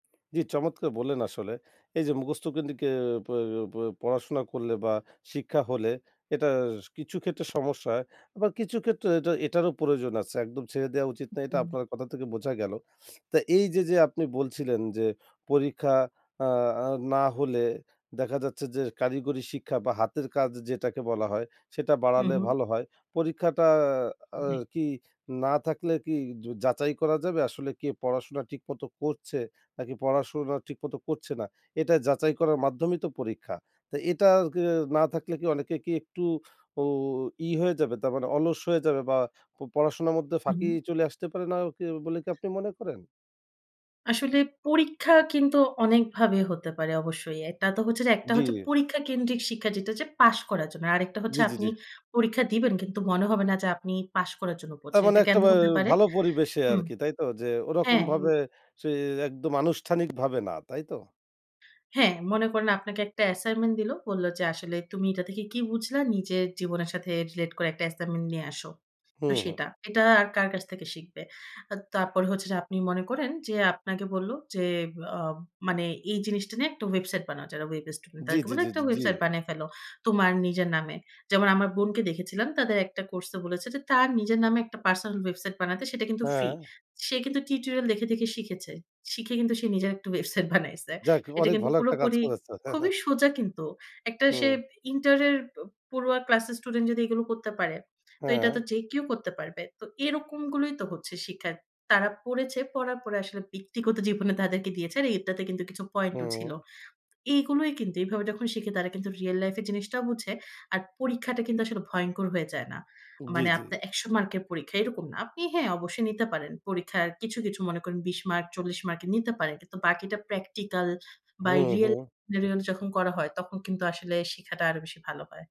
জি চমৎকার বললেন আসলে। এই যে মুখস্থ কেন্দ্রীক এ প প পড়াশোনা করলে বা শিক্ষা হলে, এটা স কিছু ক্ষেত্রে সমস্যা হয়, আবার কিছু ক্ষেত্রে এটা এটারও প্রয়োজন আছে। একদম ছেড়ে দেওয়া উচিত না, এটা হুউম। আপনার কথা থেকে বোঝা গেল। তা এই যে, যে আপনি বলছিলেন যে, পরীক্ষা আ আ না হলে দেখা যাচ্ছে যে, কারিগরি শিক্ষা বা হাতের কাজ যেটাকে বলা হয়, সেটা হুম, বাড়ালে হুম। ভালো হয়। পরীক্ষাটা আ জি। কি, না থাকলে কি য যাচাই করা যাবে, আসলে কে পড়াশোনা ঠিকমতো করছে, নাকি পড়াশোনা ঠিকমতো করছে না? এটা যাচাই করার মাধ্যমেই তো পরীক্ষা। তা এটা আর কি এ না থাকলে কি অনেকে কি একটু, উ ই হয়ে যাবে? তার মানে অলস হয়ে যাবে বা প পড়াশোনার মধ্যে ফাঁকি হু। চলে আসতে পারে না, কি বলে কি আপনি মনে করেন? আসলে পরীক্ষা কিন্তু অনেকভাবে হতে পারে অবশ্যই। এটা তো হচ্ছে যে, একটা হচ্ছে জি। পরীক্ষা কেন্দ্রিক শিক্ষা যেটা হচ্ছে, পাশ করার জন্য। আরেকটা হচ্ছে জি, জি, আপনি জি। পরীক্ষা দিবেন কিন্তু মনে হবে না যে, আপনি পাশ করার জন্য তার পড়ছেন। মানে এটা একটা ক্যামনে বায় হতে পারে ভালো পরিবেশে হুম, আরকি, তাই তো? যে ওরকম হ্যাঁ, এম ভাবে সে, একদম আনুষ্ঠানিকভাবে না, তাইতো? হ্যাঁ, মনে করেন আপনাকে একটা অ্যাসাইনমেন্ট দিল। বলল যে, "আসলে তুমি এটা থেকে কি বুঝলা? নিজের জীবনের সাথে রিলেট করে একটা অ্যাসাইনমেন্ট নিয়ে আসো।" হু, তো হু। সেটা। এটা আর কার কাছ থেকে শিখবে? আর তারপরে হচ্ছে যে, আপনি মনে করেন যে আপনাকে বলল যে, আ মানে "এই জিনিসটা নিয়ে একটা ওয়েবসাইট বানাও।" যারা ওয়েব স্টুডেন্ট, জি, তাদেরকে জি, বললো জি, "একটা জি, জি। ওয়েবসাইট বানিয়ে ফেলো, তোমার নিজের নামে।" যেমন আমার বোনকে দেখেছিলাম তাদের একটা কোর্সে বলেছে যে, তার নিজের নামে একটা পার্সোনাল ওয়েবসাইট বানাতে, সেটা কিন্তু ফ্রি। হ্যাঁ। সে কিন্তু টিউটোরিয়াল দেখে, দেখে শিখেছে। শিখে কিন্তু সে নিজের একটা ওয়েবসাইট বানাইছে। যাক এটা অনেক কিন্তু ভালো একটা কাজ পুরোপুরি করেছে। খুবই সোজা কিন্তু। একটা সে হু। ইন্টার এর প পড়ুয়া ক্লাস এর স্টুডেন্ট যদি এগুলো করতে পারে, তো এটা তো হ্যাঁ। যে কেউ করতে পারবে। তো এরকম গুলোই তো হচ্ছে শিক্ষা। তারা পড়েছে, পড়ার পরে আসলে ব্যক্তিগত জীবনে তাদেরকে দিয়েছে। আর এটাতে কিন্তু কিছু পয়েন্ট ও ছিল। হু। এগুলোই কিন্তু, এভাবে যখন শিখে তারা কিন্তু রিয়াল লাইফ এ জিনিসটাও বুঝে, আর পরীক্ষাটা কিন্তু আসলে ভয়ংকর হয়ে যায় না। জি, মানে জি। আপনার ১০০ মার্কের পরীক্ষা, এরকম না। আপনি হ্যাঁ, অবশ্যই নিতে পারেন। পরীক্ষার কিছু, কিছু মনে করেন ২০ মার্ক, ৪০ মার্ক নিতে পারেন। কিন্তু বাকিটা প্র্যাকটিক্যাল বা হু, রিয়াল হু। [unintelligible] যখন করা হয়, তখন কিন্তু আসলে শিখাটা আরও বেশি ভালো হয়।